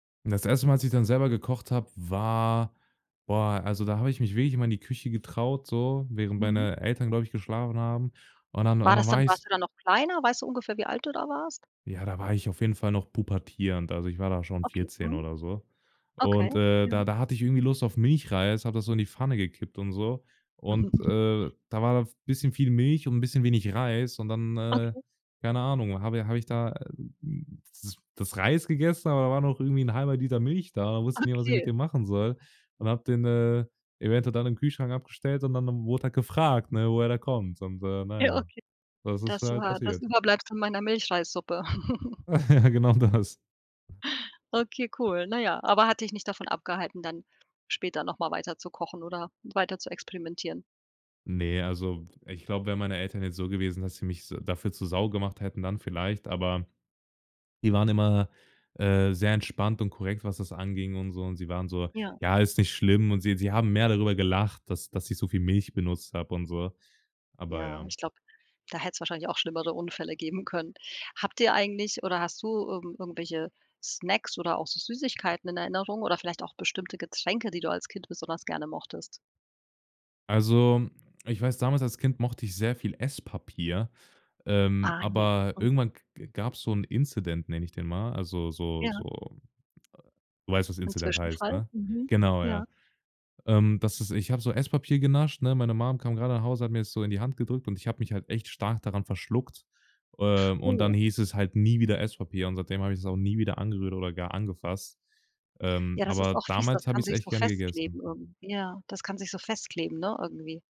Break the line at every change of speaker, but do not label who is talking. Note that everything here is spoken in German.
Das 1. Mal, als ich dann selber gekocht habe, war boah, also, da habe ich mich wirklich immer in die Küche getraut, so, während
Mhm.
meine Eltern, glaube ich, geschlafen haben. Und dann und
War
dann
das
war
dann warst
ich's
du da noch kleiner? Weißt du ungefähr, wie alt du da warst?
Ja, da war ich auf jeden Fall noch pubertierend. Also, ich war da schon
Okay,
14
mhm.
oder so.
Okay,
Und, äh,
ja.
da da hatte ich irgendwie Lust auf Milchreis, habe das so in die Pfanne gekippt und so. Und,
Mhm.
äh, da war da v bisschen viel Milch und bisschen wenig Reis und dann, äh,
Okay.
keine Ahnung, habe i habe ich da, äh, hm, das das Reis gegessen, aber da war noch irgendwie 'n 1/2 Liter Milch da. Da wusste ich nicht, was ich mit
Okay.
dem machen soll und habe den, äh, eventuell dann im Kühlschrank abgestellt und dann, äh, wurde halt gefragt, ne, woher der kommt und, äh, na
Ja,
ja,
okay.
das ist
Das
halt
war das
passiert.
Überbleib meiner Milchreissuppe.
Ja, genau das.
Okay, cool, na ja, aber hat dich nicht davon abgehalten, dann später noch mal weiter zu kochen oder weiter zu experimentieren.
Ne, also, w ich glaube, wären meine Eltern jetzt so gewesen, dass sie mich s dafür zur Sau gemacht hätten, dann vielleicht, aber die waren immer, äh, sehr entspannt und korrekt, was das anging und so. Und sie waren so:
Ja.
„Ja, ist nicht schlimm“ und sie sie haben mehr darüber gelacht, dass dass ich so viel Milch benutzt habe und so, aber
Ja,
ja.
ich glaube, da hätte es wahrscheinlich auch schlimmere Unfälle geben können. Habt ihr eigentlich oder hast du irgend irgendwelche Snacks oder auch so Süßigkeiten in Erinnerung oder vielleicht auch bestimmte Getränke, die du als Kind besonders gerne mochtest?
Also, ich weiß, damals als Kind mochte ich sehr viel Esspapier. Ähm,
Ah ja,
aber k k
mhm.
irgendwann gab's so 'n Incident, nenne ich den mal. Also, so
Ja.
so, äh du weißt, was
'N
Incident heißt,
Zwischenfall,
ne?
mhm,
Genau,
ja.
ja, ähm, das ist ich habe so Esspapier genascht, ne? Meine Mom kam grade nach Hause, hat mir das so in die Hand gedrückt und ich habe mich halt echt stark daran verschluckt. Ähm, und dann
Oh.
hieß es halt nie wieder Esspapier und seitdem habe ich's auch nie wieder angerührt oder gar angefasst, ähm,
Ja, das ist
aber
auch fies, das
damals habe
kann
ich's
sich
echt
so
gerne
festkleben
gegessen.
irgendwie ja, das kann sich so festkleben, ne, irgendwie.